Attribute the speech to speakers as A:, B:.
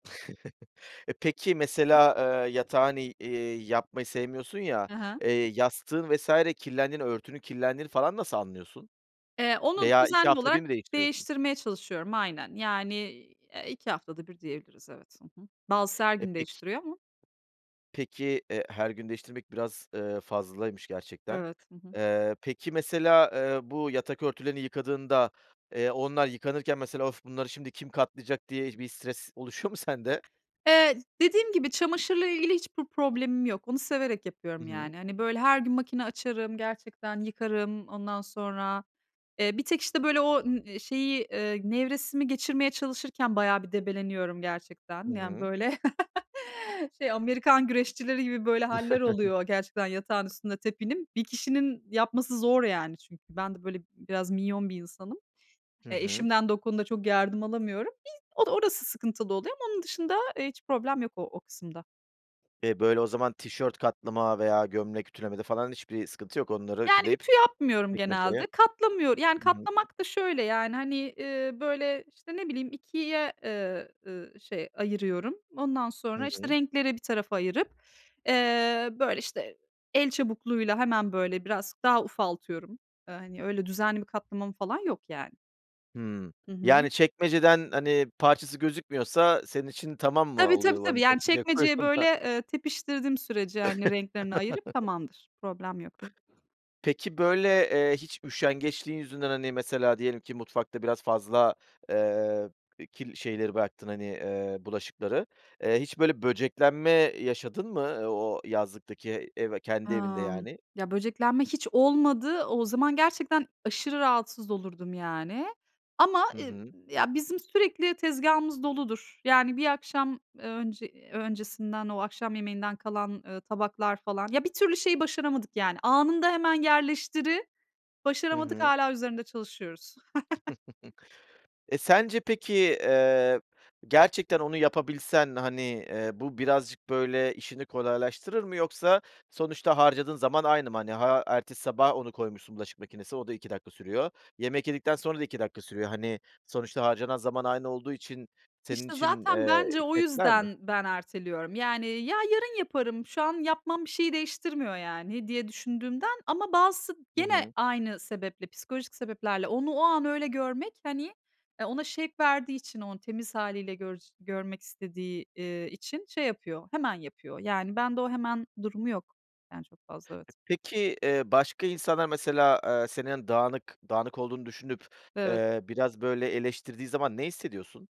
A: E, peki, mesela, eee, yatağın, i eee, yapmayı sevmiyorsun ya,
B: He he.
A: eee, yastığın vs. kirlendiğini, örtünün kirlendiğini falan nasıl anlıyorsun?
B: Eee, onu
A: Veya 2
B: düzenli
A: hafta da
B: olarak
A: bir mi değiştiriyorsun?
B: değiştirmeye çalışıyorum aynen. Yani, eee, 2 haftada bir diyebiliriz, evet, hı hı. Bazısı her
A: E,
B: gün
A: Peki
B: değiştiriyor ama.
A: Peki, eee, her gün değiştirmek biraz, eee, fazlaymış gerçekten.
B: Evet, hı hı.
A: Eee, peki, mesela, eee, bu yatak örtülerini yıkadığında, eee, onlar yıkanırken mesela: Of, bunları şimdi kim katlayacak. Diye bir stres oluşuyor mu sende?
B: Eee, dediğim gibi çamaşırla ilgili hiçbir problemim yok, onu severek
A: Hı
B: yapıyorum,
A: hı.
B: yani. Hani, böyle, her gün makine açarım, gerçekten yıkarım, ondan sonra, eee, bir tek işte böyle o ı şeyi, eee, nevresimi geçirmeye çalışırken bayağı bir debeleniyorum
A: Hı
B: gerçekten. Yani,
A: hı.
B: böyle şey, Amerikan güreşçileri gibi, böyle, hâller oluyor gerçekten yatağın üstünde tepinim. 1 kişinin yapması zor, yani, çünkü, ben de böyle biraz minyon 1 insanım.
A: Hı
B: E,
A: hı.
B: eşimden de o konuda çok yardım alamıyorum. Bir o orası sıkıntılı oluyor ama onun dışında, eee, hiç problem yok o o kısımda.
A: E, Böyle, o zaman tişört katlama veya gömlek ütülemede, falan, hiçbir sıkıntı yok onları
B: Yani,
A: ütüleyip
B: ütü yapmıyorum
A: çekmeceye
B: genelde. Katlamıyor yani,
A: hı hı.
B: katlamak da şöyle, yani, hani, eee, böyle işte ne bileyim 2´ye, eee, ııı, şey ayırıyorum. Ondan sonra
A: Hı
B: işte
A: hı.
B: renkleri bir tarafa ayırıp, eee, böyle işte, el çabukluğuyla hemen böyle, biraz daha ufaltıyorum. Eee, hani, öyle düzenli bir katlamam falan yok, yani.
A: Hımm,
B: Hı hı.
A: yani, çekmeceden, hani, parçası gözükmüyorsa senin için tamam mı
B: Tabii, tabii,
A: oluyor?
B: tabii.
A: Hani,
B: Yani,
A: çekmece
B: çekmeceye
A: koyuyorsun
B: böyle,
A: da.
B: eee, tepiştirdiğim sürece, hani, renklerini ayırıp tamamdır. Problem yok.
A: Peki, böyle, eee, hiç üşengeçliğin yüzünden, hani, mesela diyelim ki mutfakta biraz fazla, eee, kirli şeyleri bıraktın, hani, eee, bulaşıkları. Eee, hiç böyle böceklenme yaşadın mı o yazlıktaki ev kendi evinde
B: Amm,
A: yani?
B: ya, böceklenme hiç olmadı. O zaman gerçekten aşırı rahatsız olurdum, yani, ama,
A: Hı
B: ııı,
A: hı.
B: ya, bizim sürekli tezgâhımız doludur. Yani, bir akşam, eee, önce öncesinden o akşam yemeğinden kalan, eee, tabaklar falan. Ya, bir türlü şeyi başaramadık, yani, anında hemen yerleştiri
A: Hı
B: başaramadık,
A: hı.
B: hâlâ üzerinde çalışıyoruz.
A: E, sence peki, eee, gerçekten onu yapabilsen, hani, eee, bu birazcık böyle işini kolaylaştırır mı? Yoksa sonuçta harcadığın zaman aynı mı? Hani, ha, ertesi sabah onu koymuşsun bulaşık makinesine, o da 2 dakika sürüyor. Yemek yedikten sonra da 2 dakika sürüyor, hani, sonuçta harcanan zaman aynı olduğu için senin
B: İşte,
A: için,
B: zaten
A: eee,
B: bence, o
A: etkiler mi?
B: yüzden ben erteliyorum. Yani, ya, yarın yaparım, şu an yapmam bir şeyi değiştirmiyor, yani, diye düşündüğümden, ama bazısı
A: Hı
B: gene
A: hı.
B: aynı sebeple, psikolojik sebeplerle onu o an öyle görmek, hani e, ona şevk verdiği için onu temiz hâliyle gör görmek istediği, eee, için şey yapıyor, hemen yapıyor. Yani, bende o hemen durumu yok, yani, çok fazla, evet.
A: E, peki, eee, başka insanlar mesela, eee, senin dağınık, dağınık olduğunu düşünüp,
B: Evet.
A: eee, biraz böyle eleştirdiği zaman ne hissediyorsun?